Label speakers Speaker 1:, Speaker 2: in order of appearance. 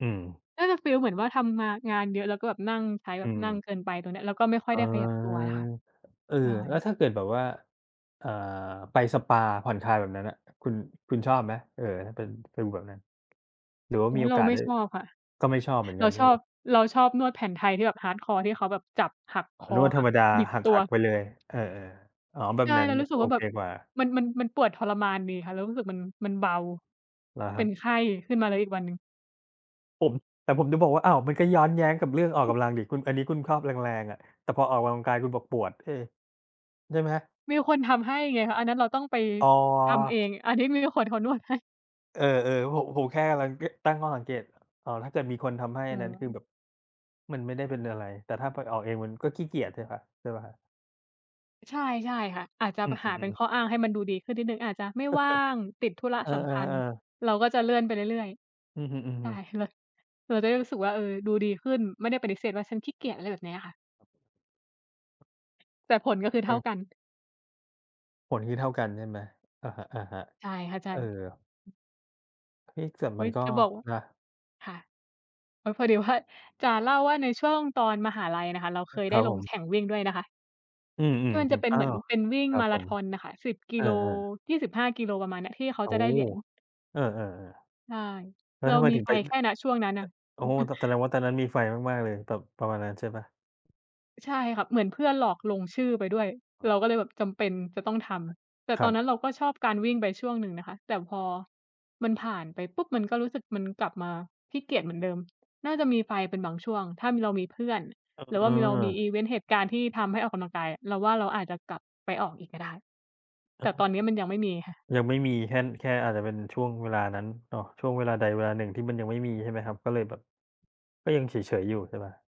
Speaker 1: อืม
Speaker 2: น่าจะฟีลเหมือนว่าทำมา งานเยอะ แล้วก็แบบนั่ง ใช้ แบ
Speaker 1: อื
Speaker 2: บนั่ง
Speaker 1: ม
Speaker 2: เกินไป ตรงนี้ แล้วก็ไม่ค่อ
Speaker 1: เ
Speaker 2: ย
Speaker 1: อ
Speaker 2: ไ
Speaker 1: อ
Speaker 2: ด้ขยับตัวไงคะ
Speaker 1: เออ
Speaker 2: ใช่
Speaker 1: แล้วถ้าเกิดแบบว่า อ่า ไปสปา ผ่อนคลาย แบบนั้นน่ะ คุณ คุณชอบไหม เออ ถ้าเป็น ฟีลแบบนั้น หรือว่า
Speaker 2: โอ๊
Speaker 1: มี
Speaker 2: ย
Speaker 1: โอ
Speaker 2: เรา
Speaker 1: กาส
Speaker 2: ไม่
Speaker 1: ได้
Speaker 2: ชอบค่ะ
Speaker 1: ก็ไม่ชอบเหมือน
Speaker 2: เร
Speaker 1: ก
Speaker 2: า
Speaker 1: ัน ใช
Speaker 2: ช
Speaker 1: ่
Speaker 2: อ
Speaker 1: ไห
Speaker 2: บ
Speaker 1: ม?
Speaker 2: เราชอบนวดแผนไทยที่แบบ Hardcore ที่เขาแบบจับหักค
Speaker 1: ร
Speaker 2: อ
Speaker 1: ู้ว่าธ
Speaker 2: ห
Speaker 1: ร
Speaker 2: ั
Speaker 1: ร
Speaker 2: ก
Speaker 1: มดา
Speaker 2: บิด
Speaker 1: ห
Speaker 2: ตัว
Speaker 1: ัก ๆ ไปเลย เออ ๆ อ๋อ แบ
Speaker 2: ใช
Speaker 1: บ
Speaker 2: ่
Speaker 1: นั้
Speaker 2: เ
Speaker 1: น
Speaker 2: รารู้สึก
Speaker 1: โอ
Speaker 2: ว่าแบ
Speaker 1: เค
Speaker 2: บ
Speaker 1: กว่า
Speaker 2: มัน มัน มันปวดทรมานดีค่ะ เรารู้สึกมัน มันเบา
Speaker 1: เหรอ
Speaker 2: เ
Speaker 1: ค
Speaker 2: ป
Speaker 1: ร
Speaker 2: ็
Speaker 1: ั
Speaker 2: น
Speaker 1: บ?
Speaker 2: ไข้ขึ้นมา แล้วอีกวันหนึ่ง
Speaker 1: ผม แต่ผมจะบอกว่า อ้าว มันก็ย้อนแย้งกับเรื่องออกกำลังดิ คุณ อันนี้คุณครอบแรง ๆ อะ แต่พอออกกำลังกายคุณบอกปวด เออ ใช่ไหมครับ?
Speaker 2: มีแต่คนทำให้ไงคะ อันนั้นเราต้องไป
Speaker 1: อ๋
Speaker 2: ทำเอ
Speaker 1: อ
Speaker 2: ง อันนี้มีแต่คนเขานวดให้
Speaker 1: เออ ๆ ผม ผมแค่กำลัง ต ตั้งข้อสังเกต อ๋อ ถ้าเกิดมีคนทำให้ อันนั้นคือ
Speaker 2: เออ
Speaker 1: แบบ มันไม่ได้เป็นอะไร แต่ถ้าไปออกเอง มันก็ขี้เกียจใช่พะ ใช่เปล่า?
Speaker 2: อ ใช่ ใช่ค่ะ อาจจะ
Speaker 1: อื
Speaker 2: ป หาเป็น
Speaker 1: อ ๆ ๆ
Speaker 2: ข้ออ้าง ให้มันดูดีขึ้นนิดหนึ่ง อาจจะไม่ว่าง ติดธุระ
Speaker 1: เออ
Speaker 2: สำคัญ
Speaker 1: ๆ ๆ
Speaker 2: เราก็จะเลื่อนไปเรื่อย
Speaker 1: อือฮึ
Speaker 2: ๆ ใช่
Speaker 1: ๆ
Speaker 2: เลย เราจะได้รู้สึกว่า เออ ดูดีขึ้น ไม่ได้ปฏิเสธว่า "ฉันขี้เกียจ" อะไรแบบเนี้ยค่ะ
Speaker 1: ครับผม
Speaker 2: แต่ผล ก
Speaker 1: โอ
Speaker 2: ็คือ
Speaker 1: เ
Speaker 2: เท่า
Speaker 1: ค
Speaker 2: กัน
Speaker 1: ผลคือเท่ากันใช่ไหม? อะฮะ
Speaker 2: ใช่ค่ะ ใช
Speaker 1: ๆ เ
Speaker 2: ่
Speaker 1: ออ เอ๊ะ แต่
Speaker 2: เฮ
Speaker 1: มั
Speaker 2: ้
Speaker 1: น
Speaker 2: ย
Speaker 1: ก็
Speaker 2: จะบอกว่า
Speaker 1: นะ
Speaker 2: ค่ะ อ๋อ พอดีว่า จะเล่าว่าในช่วงตอนมหาลัยน่ะคะ เราเคย
Speaker 1: ค
Speaker 2: ได
Speaker 1: ร
Speaker 2: ้
Speaker 1: ับ
Speaker 2: ล
Speaker 1: ผ
Speaker 2: ง
Speaker 1: ม
Speaker 2: แข่งวิ่งด้วยนะคะ
Speaker 1: อืม
Speaker 2: ที่มันจะ
Speaker 1: ๆ
Speaker 2: เป็
Speaker 1: ๆ
Speaker 2: น
Speaker 1: อ๋
Speaker 2: เ
Speaker 1: อ
Speaker 2: หมือนเป็นวิ่ง
Speaker 1: ครั
Speaker 2: ม
Speaker 1: บ
Speaker 2: าร
Speaker 1: ผ
Speaker 2: า
Speaker 1: ม
Speaker 2: ธอนอะค่ะ 10 ก
Speaker 1: เอ
Speaker 2: ิ
Speaker 1: อ
Speaker 2: โล
Speaker 1: ๆ
Speaker 2: 25 กิโล ประมาณเนี้ย ที่เขา
Speaker 1: โอ้
Speaker 2: จะ
Speaker 1: โฮ
Speaker 2: ได้เหรียญ
Speaker 1: เออ ๆ
Speaker 2: ใช่
Speaker 1: ๆ แล้
Speaker 2: เ
Speaker 1: ว
Speaker 2: รา
Speaker 1: ทำไม
Speaker 2: มี
Speaker 1: ถึง
Speaker 2: ไฟ
Speaker 1: ไป? ด
Speaker 2: แค่ ณ ช่วงนั้นน่ะ
Speaker 1: โอ้โฮ แต่แสดงว่าตอนนั้นมีไฟมาก ๆ เลย แบบประมาณนั้นใช่เปล่า?
Speaker 2: ใช่ค่ะ เหมือนเพื่อนหลอกลงชื่อไปด้วย
Speaker 1: อ๋
Speaker 2: เร
Speaker 1: อ
Speaker 2: าก็เลยแบบจำเป็นจะต้องทำ แต่
Speaker 1: ค
Speaker 2: ต
Speaker 1: รั
Speaker 2: อน
Speaker 1: บ
Speaker 2: นั้นเราก็ชอบการวิ่งไปช่วงหนึ่งนะคะ แต่พอมันผ่านไปปุ๊บ มันก็รู้สึกมันกลับมาขี้เกียจเหมือนเดิม น่าจะมีไฟเป็นบางช่วง ถ้ามี เรามีเพื่อน
Speaker 1: อ
Speaker 2: หรือ
Speaker 1: เ
Speaker 2: ว่ามี เรามี
Speaker 1: ออ
Speaker 2: อิเวนต์ เหตุการณ์ที่ทำให้ออกกำลังกายอะ เราว่าเราอาจจะกลับไปออกอีกก็ได้
Speaker 1: เอ
Speaker 2: แ
Speaker 1: อ
Speaker 2: ต่ตอนนี้มันยังไม่มีค่ะ
Speaker 1: อ ยังไม่มี แค่ น แค่อาจจะเป็นช่วงเวลานั้นเนาะ ช่วงเวลาใดเวลาหนึ่งที่มันยังไม่มีใช่ไหมครับ? ก็เลยแบบ ก็ยังเฉย ๆ อยู่ใช่เปล่า?